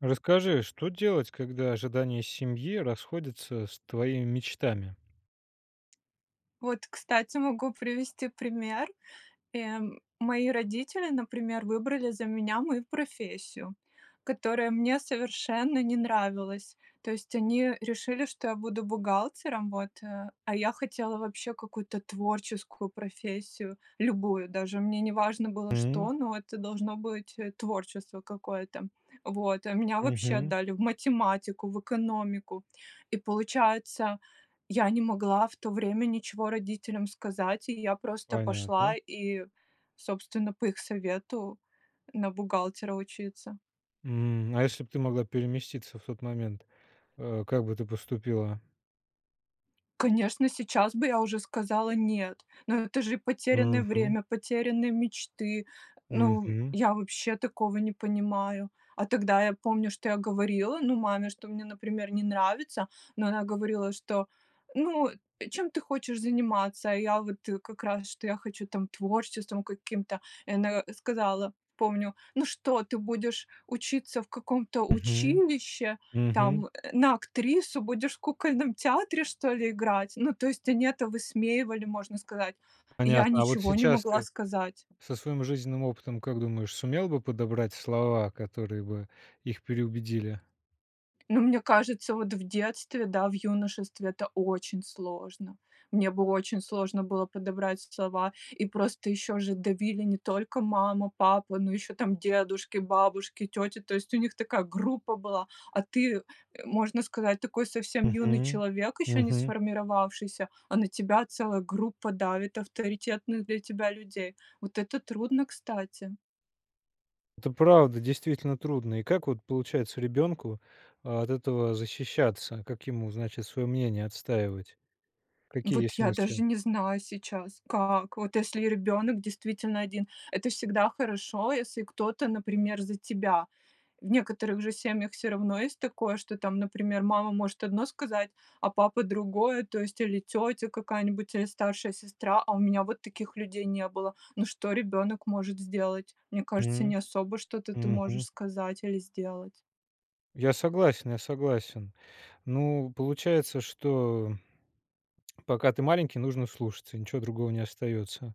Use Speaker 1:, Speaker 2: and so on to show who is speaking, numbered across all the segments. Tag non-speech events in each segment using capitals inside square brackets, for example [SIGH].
Speaker 1: Расскажи, что делать, когда ожидания семьи расходятся с твоими мечтами?
Speaker 2: Вот, кстати, могу привести пример. Э, мои родители, например, выбрали за меня мою профессию, которая мне совершенно не нравилась. То есть, они решили, что я буду бухгалтером, вот, э, а я хотела, вообще, какую-то творческую профессию, любую, даже мне не важно было
Speaker 1: М.
Speaker 2: что, но это должно быть, э, творчество какое-то. Вот, а меня, вообще,
Speaker 1: Мгм.
Speaker 2: отдали в математику, в экономику, и, получается, я не могла в то время ничего родителям сказать, и я просто пошла
Speaker 1: Понятно.
Speaker 2: и, собственно, по их совету на бухгалтера учиться.
Speaker 1: М, а если бы ты могла переместиться в тот момент, э, как бы ты поступила?
Speaker 2: Конечно, сейчас бы я уже сказала "нет", но это же потерянное
Speaker 1: Мгм.
Speaker 2: время, потерянные мечты, ну,
Speaker 1: Мгм.
Speaker 2: я, вообще, такого не понимаю. А тогда я помню, что я говорила, ну, маме, что мне, например, не нравится, но она говорила, что: "Ну, э, чем ты хочешь заниматься?" А я, вот, э, как раз, что я хочу, там, творчеством каким-то. И она, э, сказала, помню: "Ну что, ты будешь учиться в каком-то
Speaker 1: Мгм.
Speaker 2: училище,
Speaker 1: Мгм.
Speaker 2: там, э, на актрису? Будешь в кукольном театре что ли играть?" Ну, то есть, они это высмеивали, можно сказать. И я
Speaker 1: Понятно, а вот
Speaker 2: ничего не
Speaker 1: сейчас
Speaker 2: могла
Speaker 1: ты
Speaker 2: сказать.
Speaker 1: со своим жизненным опытом, как думаешь, сумела бы подобрать слова, которые бы их переубедили?
Speaker 2: Ну, мне кажется, вот в детстве, да, в юношестве это очень сложно. Мне было очень сложно было подобрать слова, и просто ещё же давили не только мама, папа, но ещё ,там, дедушки, бабушки, тети, то есть, у них такая группа была, а ты, э, можно сказать, такой совсем юный
Speaker 1: Мгм.
Speaker 2: человек, ещё не
Speaker 1: Мгм.
Speaker 2: сформировавшийся, а на тебя целая группа давит авторитетных для тебя людей. Вот это трудно, кстати.
Speaker 1: Это, правда, действительно, трудно. И как, вот, получается, ребенку от этого защищаться, как ему, значит, свое мнение отстаивать, какие
Speaker 2: Вот,
Speaker 1: есть
Speaker 2: я даже
Speaker 1: мысли?
Speaker 2: не знаю сейчас, как, вот, если ребенок действительно один. Это всегда хорошо, если кто-то, например, за тебя. В некоторых же семьях всё равно есть такое, что, там, например, мама может одно сказать, а папа другое, то есть, или тётя какая-нибудь, или старшая сестра, а у меня вот таких людей не было. Ну, что ребёнок может сделать? Мне кажется,
Speaker 1: М,
Speaker 2: не особо что-то ты можешь
Speaker 1: мгм.
Speaker 2: сказать или сделать.
Speaker 1: Я согласен, я согласен. Ну, получается, что [TSK] пока ты маленький, нужно слушаться, ничего другого не остается.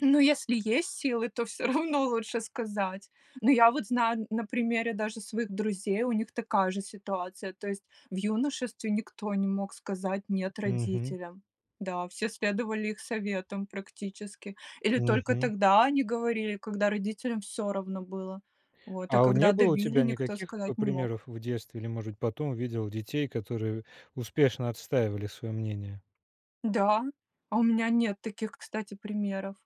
Speaker 2: Ну если есть силы, то всё равно лучше сказать. Но я вот знаю н на примере даже своих друзей, у них такая же ситуация, то есть в юношестве никто не мог сказать "нет"
Speaker 1: Мгм.
Speaker 2: родителям. Да, все следовали их советам практически. Или только
Speaker 1: Мгм.
Speaker 2: тогда они говорили, когда родителям всё равно было, вот, а
Speaker 1: А, о, не
Speaker 2: когда
Speaker 1: было у
Speaker 2: давили-
Speaker 1: тебя
Speaker 2: никто
Speaker 1: никаких п
Speaker 2: сказать не мог.
Speaker 1: примеров в детстве или, может, потом видел детей, которые, э, успешно отстаивали свое мнение?
Speaker 2: Да. А у меня нет таких, кстати, примеров.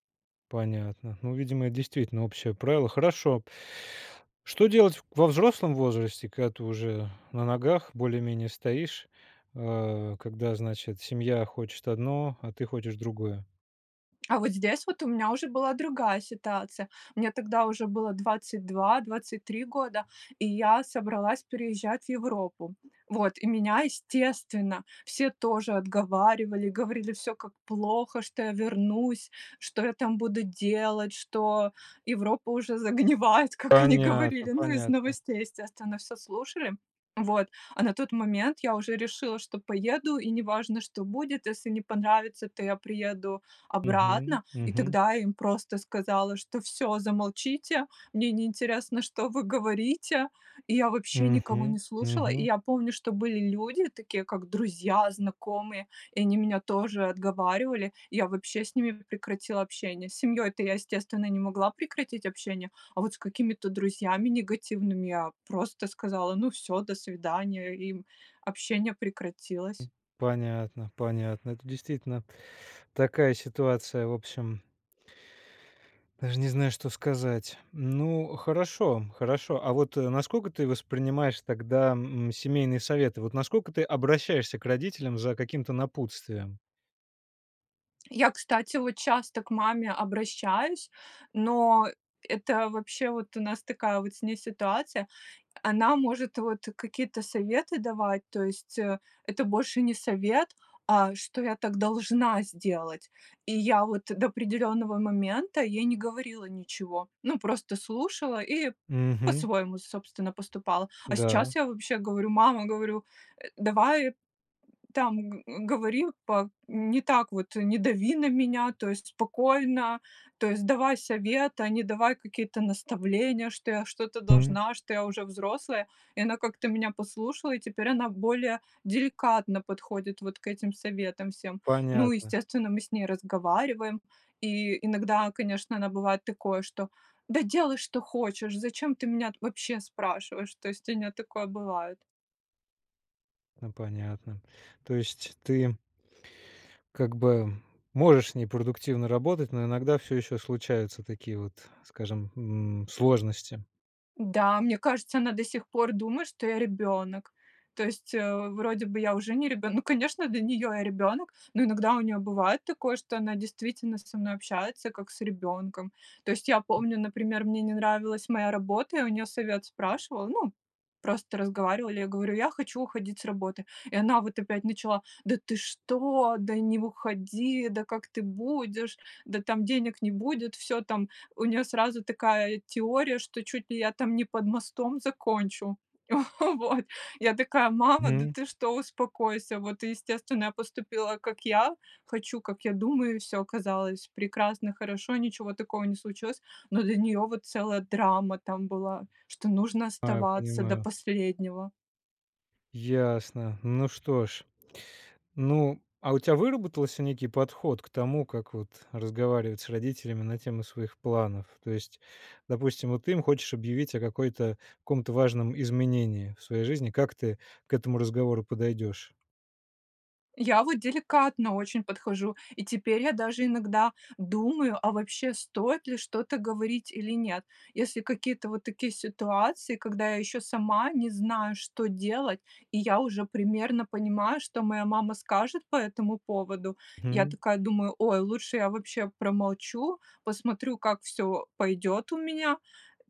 Speaker 1: Понятно, ну, видимо, это действительно общее правило. Хорошо. Что делать во взрослом возрасте, когда ты уже на ногах более-менее стоишь, а, когда, значит, семья хочет одно, а ты хочешь другое?
Speaker 2: А вот здесь вот у меня уже была другая ситуация. Мне тогда уже было 22-23 года, и я собралась переезжать в Европу. Вот, и меня, естественно, все тоже отговаривали, говорили всё, как плохо, что я вернусь, что я там буду делать, что Европа уже загнивает, как они
Speaker 1: Понятно,
Speaker 2: говорили. Ну из
Speaker 1: понятно.
Speaker 2: новостей, естественно, всё слушали. Вот. А на тот момент я уже решила, что поеду, и неважно, что будет, если не понравится- то я приеду
Speaker 1: Мгм.
Speaker 2: обратно. И
Speaker 1: Мгм.
Speaker 2: тогда им просто сказала, что: "Всё, замолчите, мне не интересно, что вы говорите!". И я вообще никого
Speaker 1: Мгм.
Speaker 2: не слушала. И
Speaker 1: Мгм.
Speaker 2: я помню, что были люди такие, как друзья, знакомые, и они меня тоже отговаривали. Я вообще с ними прекратила общение. С семьей то я, естественно, не могла прекратить общение. А вот с какими-то друзьями негативными- я просто сказала: "Ну всё, до свидания". И, м, общение прекратилось.
Speaker 1: Понятно, понятно. Это, действительно, такая ситуация, в общем даже не знаю, что сказать. Ну хорошо, хорошо. А вот, э, насколько ты воспринимаешь тогда, м, семейные советы: вот насколько ты обращаешься к родителям за каким-то напутствием?
Speaker 2: Я, кстати, вот часто к маме обращаюсь, но это вообще, вот у нас такая вот с ней ситуация. Она может вот какие-то советы давать, то есть, э, это больше не совет, а что я так должна сделать. И я вот до определенного момента ей не говорила ничего, ну, просто слушала и
Speaker 1: Мгм.
Speaker 2: по-своему, собственно, поступала. А
Speaker 1: Да.
Speaker 2: сейчас я вообще говорю: "Мама, говорю, э, давай, там, г говори па не так вот, не дави на меня, то есть спокойно, то есть давай совет, а не давай какие-то наставления, что я что-то
Speaker 1: М.
Speaker 2: должна, что я уже взрослая". И она как-то меня послушала, и теперь она более деликатно подходит вот к этим советам всем. Ну,
Speaker 1: Понятно.
Speaker 2: естественно, мы с ней разговариваем. И иногда, конечно, она, бывает, такое, что: "Да делай, что хочешь, зачем ты меня вообще спрашиваешь!". То есть у нее такое бывает.
Speaker 1: Ну, понятно. То есть ты как бы, можешь с ней продуктивно работать, но иногда всё еще случаются такие вот, скажем, м, сложности?
Speaker 2: Да, мне кажется, она до сих пор думает, что я ребенок. То есть, э, вроде бы я уже не ребенок. Ну, конечно, для нее я ребенок, но иногда у нее бывает такое, что она действительно со мной общается, как с ребенком. То есть я помню, например, мне не нравилась моя работа, я у нее совет спрашивала, ну, просто разговаривали, я говорю: "Я хочу уходить с работы". И она вот опять начала: "Да ты что? Да не уходи! Да как ты будешь? Да там денег не будет!" Всё, там у нее сразу такая теория, что чуть ли я там не под мостом закончу. [CHUCKLES] Вот. Я такая: "Мама, да
Speaker 1: Мгм.
Speaker 2: ты что? Успокойся!". Вот и, естественно, я поступила, как я хочу, как я думаю, и всё оказалось прекрасно, хорошо, ничего такого не случилось, но для нее вот целая драма там была, что нужно
Speaker 1: Аю
Speaker 2: оставаться до
Speaker 1: понимаю.
Speaker 2: последнего.
Speaker 1: Ясно. Ну, что ж. Ну, а у тя выработался некий подход к тому, как вот разговаривать с родителями на тему своих планов? То есть, допустим, вот ты им хочешь объявить о какой-то каком-то важном изменении в своей жизни. Как ты к этому разговору подойдешь?
Speaker 2: Я вот деликатно очень подхожу, и теперь я даже иногда думаю, а вообще, стоит ли что-то говорить или нет. Если какие-то вот такие ситуации, когда я еще сама не знаю, что делать, и я уже примерно понимаю, что моя мама скажет по этому поводу. Я
Speaker 1: М.
Speaker 2: такая думаю, ой, лучше я вообще промолчу, посмотрю, как всё пойдет у меня.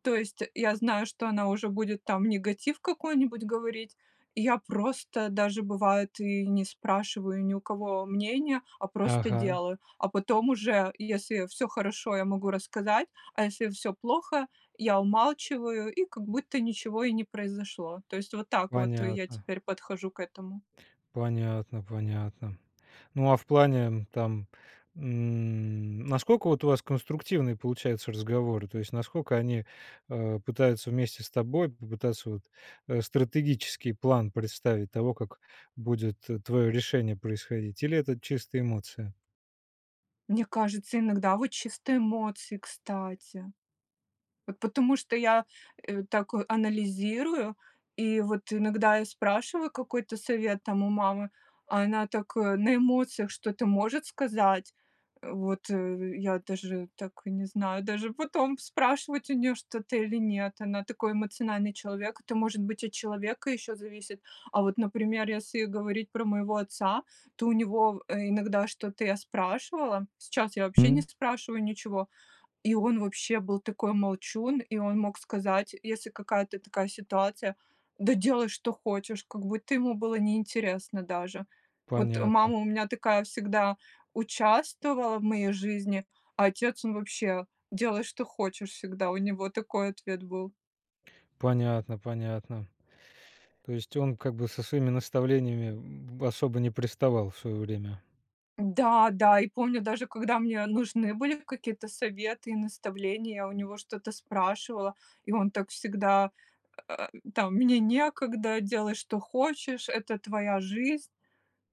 Speaker 2: То есть, я знаю, что она уже будет, там, негатив какой-нибудь говорить. Я просто даже бывает и не спрашиваю ни у кого мнение, а просто
Speaker 1: Ага.
Speaker 2: делаю. А потом уже, если всё хорошо, я могу рассказать, а если всё плохо, я умалчиваю, и как будто ничего и не произошло. То есть, вот так вот я
Speaker 1: Понятно.
Speaker 2: теперь подхожу к этому.
Speaker 1: Понятно, понятно. Ну, а в плане, там, м, насколько, вот, у вас конструктивные получаются разговоры? То есть, насколько они, а, пытаются вместе с тобой попытаться вот, э, стратегический план представить того, как будет твое решение происходить, или это чисто эмоция?
Speaker 2: Мне кажется, иногда, вот, чисто эмоции, кстати. Вот, потому что я, э, так анализирую, и, вот, иногда я спрашиваю какой-то совет, там, у мамы, а она так, э, на эмоциях что-то может сказать. Вот, э, я даже, так, не знаю даже, потом спрашивать у нее что-то или нет, она такой эмоциональный человек. Это, может быть, от человека еще зависит. А вот, например, если говорить про моего отца, то у него, э, иногда что-то я спрашивала, сейчас я, вообще, не
Speaker 1: М.
Speaker 2: спрашиваю ничего. И он, вообще, был такой молчун, и он мог сказать, если какая-то такая ситуация: "Да делай, что хочешь!" Как будто ему было неинтересно даже. Вот,
Speaker 1: Понятно.
Speaker 2: мама у меня такая, всегда участвовала в моей жизни, а отец, он вообще. "Делай, что хочешь"- всегда у него такой ответ был.
Speaker 1: Понятно, понятно. То есть, он, как бы, со своими наставлениями, м, особо не приставал в свое время?
Speaker 2: Да, да! И помню, даже когда мне нужны были какие-то советы и наставления, я у него что-то спрашивала, и он так всегда, э, там: "Мне некогда, делай, что хочешь, это твоя жизнь".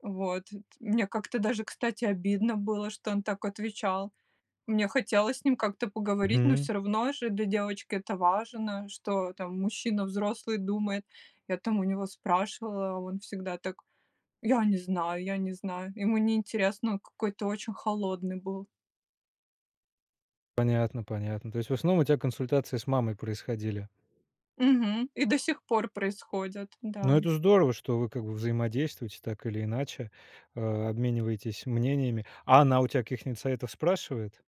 Speaker 2: Вот т мне как-то даже, кстати, обидно было, что он так отвечал. Мне хотелось с ним как-то поговорить, но
Speaker 1: Мгм.
Speaker 2: всё равно же для девочки это важно, что, там, мужчина взрослый думает. Я, там, у него спрашивала, он всегда так: "Я не знаю, я не знаю". Ему не интересно, он какой-то очень холодный был.
Speaker 1: Понятно, понятно. То есть, в основном, у тя консультации с мамой происходили?
Speaker 2: Мгм. И до сих пор происходит,
Speaker 1: Но
Speaker 2: да.
Speaker 1: это здорово, что вы как бы взаимодействуете так или иначе, а, обмениваетесь мнениями. А она у тя каких-нить спрашивает?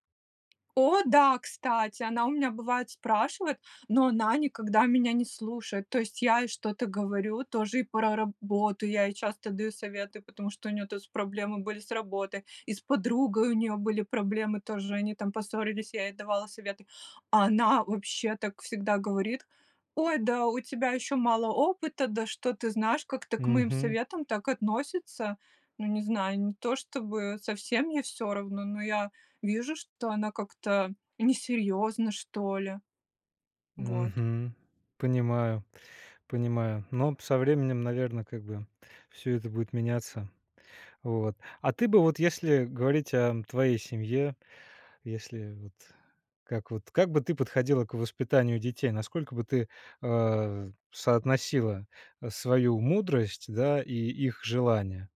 Speaker 2: О, да, кстати, она у меня бывает спрашивает, но она никогда меня не слушает, то есть я ей что-то говорю тоже и про работу, я ей часто даю советы, потому что у нее-то с проблемы были с работой, и с подругой у нее были проблемы тоже, они там поссорились, я ей давала советы. А она, вообще, так всегда говорит: "Ой, да у тебя еще мало опыта, да что ты знаешь". Как-то к моим
Speaker 1: Мгм.
Speaker 2: советам так относится. Ну, не знаю, не то чтобы совсем мне всё равно, но я вижу, что она как-то несерьезна, что ли. Вот.
Speaker 1: Мгм. Понимаю, понимаю, но со временем, наверно, как бы всё это будет меняться. Вот. А ты бы, вот если говорить о твоей семье, если вот как вот, как бы ты подходила к воспитанию детей, насколько бы ты, а, соотносила, э, свою мудрость, да, и их желания?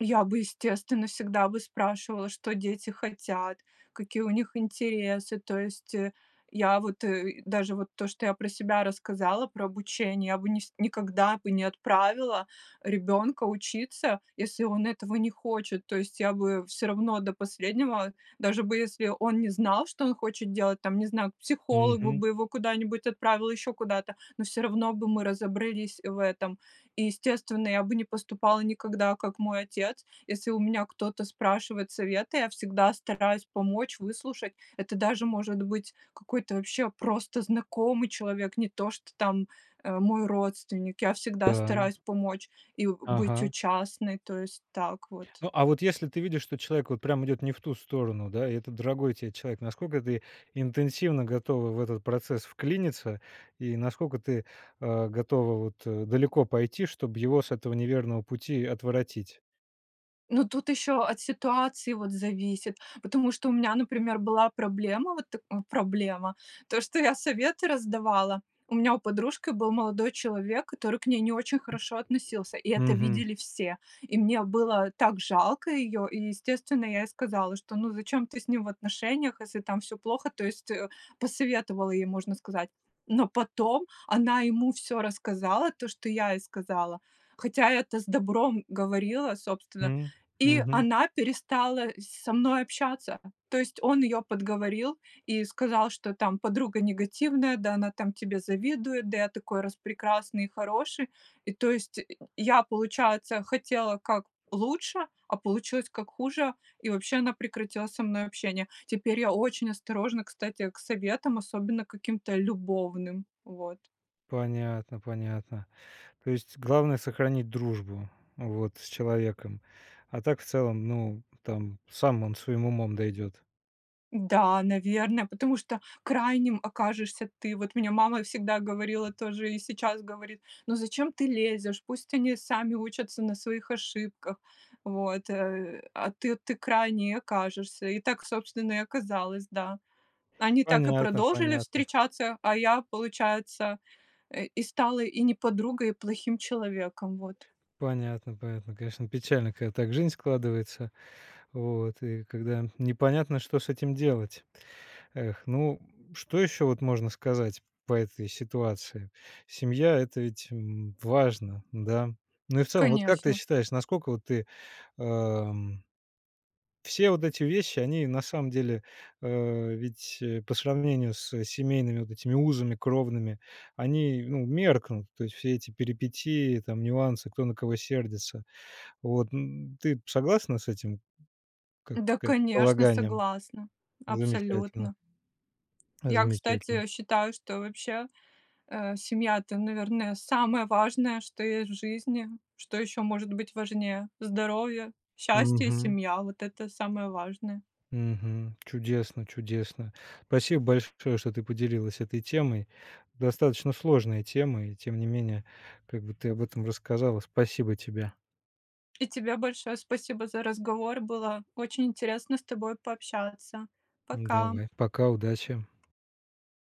Speaker 2: Я бы естественно, всегда бы спрашивала, что дети хотят, какие у них интересы, то есть, э, я вот, э, даже вот то, что я про себя рассказала про обучение, я нис бы никогда бы не отправила ребенка учиться, если он этого не хочет. То есть я бы всё равно до последнего, даже бы если он не знал, что он хочет делать, там не знаю, к психологу
Speaker 1: Мгм.
Speaker 2: бы его куда-нибудь отправила, еще куда-то, но всё равно бы мы разобрались в этом. И естественно, я бы не поступала никогда, как мой отец. Если у меня кто-то спрашивает совета, я всегда стараюсь помочь, выслушать. Это даже может быть какой-то вообще просто знакомый человек, не то что там, э, мой родственник. Я всегда
Speaker 1: Да.
Speaker 2: стараюсь помочь и, у быть
Speaker 1: Ага.
Speaker 2: участной, то есть так вот.
Speaker 1: Ну, а вот если ты видишь, что человек вот прям идет не в ту сторону, да, и это дорогой тебе человек, насколько ты интенсивно готова в этот процесс вклиниться и насколько ты, а, готова вот, э, далеко пойти, чтобы его с этого неверного пути отвратить.
Speaker 2: Ну, тут еще от ситуации, вот, зависит, потому что у меня, например, была проблема, вот, тк проблема то, что я советы раздавала. У меня у подружки был молодой человек, который к ней не очень хорошо относился, и это
Speaker 1: Мгм.
Speaker 2: видели все. И мне было так жалко ее, и, естественно, я ей сказала, что, ну, зачем ты с ним в отношениях, если там всё плохо, то есть, э, посоветовала ей, можно сказать. Но потом она ему всё рассказала, то, что я ей сказала, хотя это с добром говорила, собственно,
Speaker 1: М,
Speaker 2: и
Speaker 1: мгм.
Speaker 2: она перестала с со мной общаться. То есть, он ее подговорил и сказал, что, там, подруга негативная, да она, там, тебе завидует, да я такой распрекрасный и хороший. И, то есть, я, получается, хотела как лучше, а получилось как хуже, и вообще она прекратила со мной общение. Теперь я очень осторожно, кстати, к советам, особенно каким-то любовным, вот.
Speaker 1: Понятно, понятно. То есть главное- сохранить дружбу, вот, с человеком, а так, в целом, ну, там, сам он, своим умом дойдет.
Speaker 2: Да, наверное, потому что крайним окажешься ты. Вот мне мама всегда говорила тоже, и сейчас говорит: "Ну зачем ты лезешь?" Пусть они сами учатся на своих ошибках, вот, э, а ты ты крайней и окажешься. И так, собственно, и оказалось, да. Они так и
Speaker 1: Понятно,
Speaker 2: продолжили
Speaker 1: понятно.
Speaker 2: встречаться, а я, получается, и и стала и не подругой, и плохим человеком. Вот.
Speaker 1: Понятно, понятно, конечно печально, когда так жизнь складывается, вот и когда непонятно что с этим делать. Эх, ну что еще вот можно сказать по этой ситуации. Семья- это ведь, м, важно, да, ну, и, в целом, вот как ты
Speaker 2: Конечно.
Speaker 1: считаешь, насколько вот ты, эм все вот эти вещи, они, на самом деле, а, ведь по сравнению с семейными вот этими узами кровными, они, ну, меркнут. То есть все эти перипетии, там нюансы, кто на кого сердится. Вот, ну, ты согласна с этим, как
Speaker 2: Да,
Speaker 1: сказать,
Speaker 2: конечно,
Speaker 1: полаганием?
Speaker 2: согласна,
Speaker 1: Замечательно!
Speaker 2: абсолютно. Я,
Speaker 1: Замечательно!
Speaker 2: кстати, считаю, что вообще, э, семья- это, наверное, самое важное, что есть в жизни, что еще может быть важнее. Здоровье, счастье и
Speaker 1: Мгм.
Speaker 2: семья- вот это самое важное.
Speaker 1: Мгм. Чудесно, чудесно. Спасибо большое, что ты поделилась этой темой. Достаточно сложная тема и, тем не менее, как бы ты об этом рассказала, спасибо тебе.
Speaker 2: И тебе большое спасибо за разговор. Было очень интересно с тобой пообщаться.
Speaker 1: М,
Speaker 2: Пока!
Speaker 1: давай, пока, удачи!